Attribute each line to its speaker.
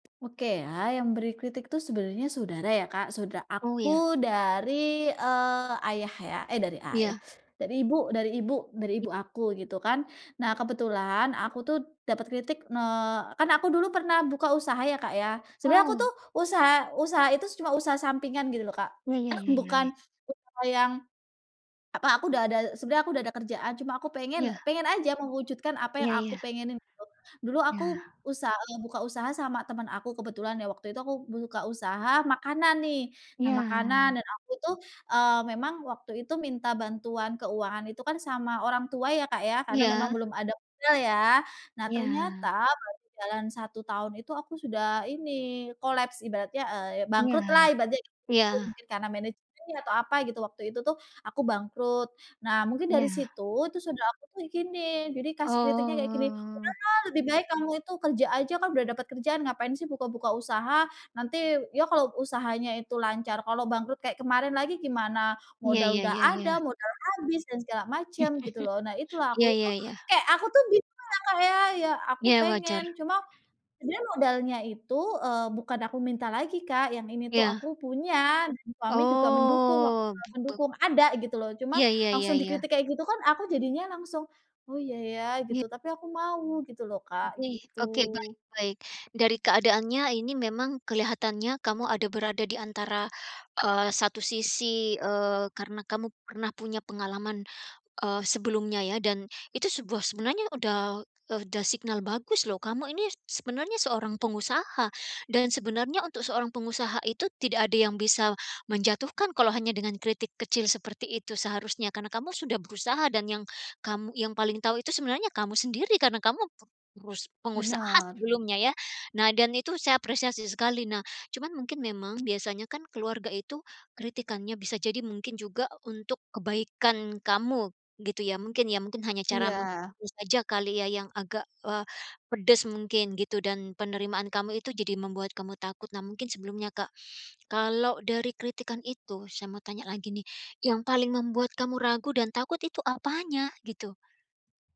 Speaker 1: Oke ya, yang beri kritik tuh sebenarnya saudara ya, Kak, sauda
Speaker 2: Oh ya.
Speaker 1: aku dari, eee, ayah ya eh dari ayah,
Speaker 2: Iya.
Speaker 1: dari ibu dari ibu dari
Speaker 2: I
Speaker 1: ibu aku gitu kan, nah kebetulan aku tuh dapat kritik eee, kan aku dulu pernah buka usaha ya, Kak ya, sebenarnya aku
Speaker 2: Wow.
Speaker 1: tuh usaha usaha itu cuma usaha sampingan gitu loh, Kak,
Speaker 2: Ya ya ya ya
Speaker 1: bukan
Speaker 2: ya.
Speaker 1: usaha yang apa, aku udah ada sebenernya aku udah ada kerjaan cuma aku
Speaker 2: Iya.
Speaker 1: pengen pengen aja mewujudkan apa yang
Speaker 2: Iya
Speaker 1: aku
Speaker 2: iya.
Speaker 1: pengenin gitu. Dulu aku
Speaker 2: Ya.
Speaker 1: usaha, buka usaha sama temen aku kebetulan ya, waktu itu aku buka usaha makanan nih. Nah makanan
Speaker 2: Ya.
Speaker 1: dan aku tuh, eee, memang waktu itu minta bantuan keuangan itu kan sama orang tua ya, Kak, ya, karena memang
Speaker 2: Iya.
Speaker 1: belum ada modal ya. Nah
Speaker 2: Iya.
Speaker 1: ternyata baru berjalan 1 tahun itu aku sudah ini, kolaps ibaratnya, eee,
Speaker 2: Iya.
Speaker 1: bangkrut lah ibaratnya gitu,
Speaker 2: Iya.
Speaker 1: mungkin karena manajemennya atau apa gitu waktu itu tuh aku bangkrut, nah mungkin dari
Speaker 2: Ya.
Speaker 1: situ, itu saudara aku tuh gini, jadi kasih kritiknya kayak gini,
Speaker 2: Oh.
Speaker 1: "Udahlah, lebih baik kamu itu kerja aja, kan udah dapet kerjaan, ngapain sih buka-buka usaha. Nanti ya kalau usahanya itu lancar, kalau bangkrut kayak kemarin lagi gimana?
Speaker 2: Ya
Speaker 1: Modal
Speaker 2: ya
Speaker 1: udah
Speaker 2: ya
Speaker 1: ada,
Speaker 2: ya.
Speaker 1: modal habis, dan segala macem," gitu loh, nah itu lah aku
Speaker 2: Ya
Speaker 1: itu,
Speaker 2: ya ya.
Speaker 1: kayak aku tuh bingung lah, Kak, ya, ya aku
Speaker 2: Ya
Speaker 1: pengen,
Speaker 2: wajar.
Speaker 1: cuma sebenernya modalnya itu, eee, bukan aku minta lagi, Kak, yang ini tuh,
Speaker 2: Ya.
Speaker 1: aku punya, dan suami juga mendukung wak
Speaker 2: Oh,
Speaker 1: [unintelligible]
Speaker 2: be beg
Speaker 1: mendukung ada gitu loh, cuma
Speaker 2: Iya ya ya
Speaker 1: langsung
Speaker 2: ya.
Speaker 1: dikritik kayak gitu kan aku jadinya langsung, oh iya ya,
Speaker 2: Ya.
Speaker 1: gitu, tapi aku mau gitu loh, Kak,
Speaker 2: Oke oke, baik
Speaker 1: gitu.
Speaker 2: baik. Dari keadaannya ini memang kelihatannya kamu ada berada di antara, eee, 1 sisi, eee, karena kamu pernah punya pengalaman, eee, sebelumnya ya. Dan itu sebuah sebenarnya udah udah signal bagus loh. Kamu ini sebenarnya seorang pengusaha dan sebenarnya untuk seorang pengusaha itu tidak ada yang bisa menjatuhkan kalau hanya dengan kritik kecil seperti itu seharusnya. Karena kamu sudah berusaha dan yang kamu yang paling tahu itu sebenarnya kamu sendiri, karena kamu perus pengusaha
Speaker 1: Benar.
Speaker 2: sebelumnya ya. Nah dan itu saya apresiasi sekali, nah cuman mungkin memang biasanya kan keluarga itu kritikannya, bisa jadi mungkin juga untuk kebaikan kamu gitu ya, mungkin ya, mungkin hanya cara
Speaker 1: Iya.
Speaker 2: [unintelligible] saja kali ya yang agak, eee, pedes mungkin gitu dan penerimaan kamu itu jadi membuat kamu takut. Nah mungkin sebelumnya, Kak, kalau dari kritikan itu, saya mau tanya lagi nih, yang paling membuat kamu ragu dan takut itu apanya gitu?